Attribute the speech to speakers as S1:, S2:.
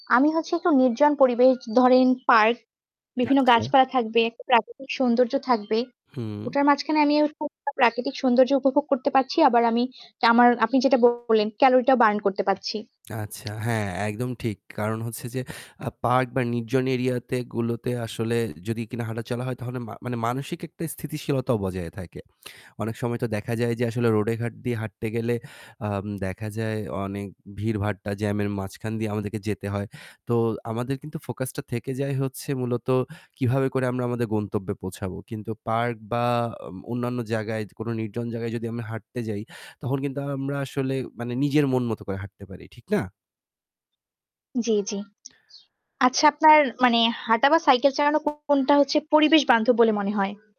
S1: আমি হচ্ছে একটু নির্জন পরিবেশ ধরেন পার্ক, বিভিন্ন
S2: আচ্ছা।
S1: গাছপালা থাকবে, প্রাকৃতিক সৌন্দর্য থাকবে।
S2: হুম।
S1: ওটার মাঝখানে আমি অ খুব প্রাকৃতিক সৌন্দর্য উপভোগ করতে পারছি। আবার আমি আমার আপনি যেটা বললেন calorie টা burn করতে পারছি।
S2: আচ্ছা। হ্যাঁ, একদম ঠিক। কারণ হচ্ছে যে, আ পার্ক বা নির্জন এরিয়াতে গুলোতে আসলে যদি কিনা হাঁটাচলা হয় তাহলে মান মানসিক একটা স্থিতিশীলতাও বজায় থাকে। অনেক সময় তো দেখা যায় যে আসলে রোডে ঘাট দিয়ে হাঁটতে গেলে আম দেখা যায় অনেক ভিড়ভাট্টা, জ্যামের মাঝখান দিয়ে আমাদেরকে যেতে হয়। তো আমাদের কিন্তু focus টা থেকে যায় হচ্ছে মূলত কিভাবে করে আমরা আমাদের গন্তব্যে পৌঁছাবো। কিন্তু পার্ক বা ম অন্যান্য জায়গায় কোন নির্জন জায়গায় যদি আমরা হাঁটতে যাই তখন কিন্তু আমরা আসলে মানে নিজের মন মতো করে হাঁটতে পারি, ঠিক না?
S1: জি, জি। আচ্ছা, আপনার মানে হাঁটা বা সাইকেল চালানো কো কোনটা হচ্ছে পরিবেশবান্ধব বলে মনে হয়?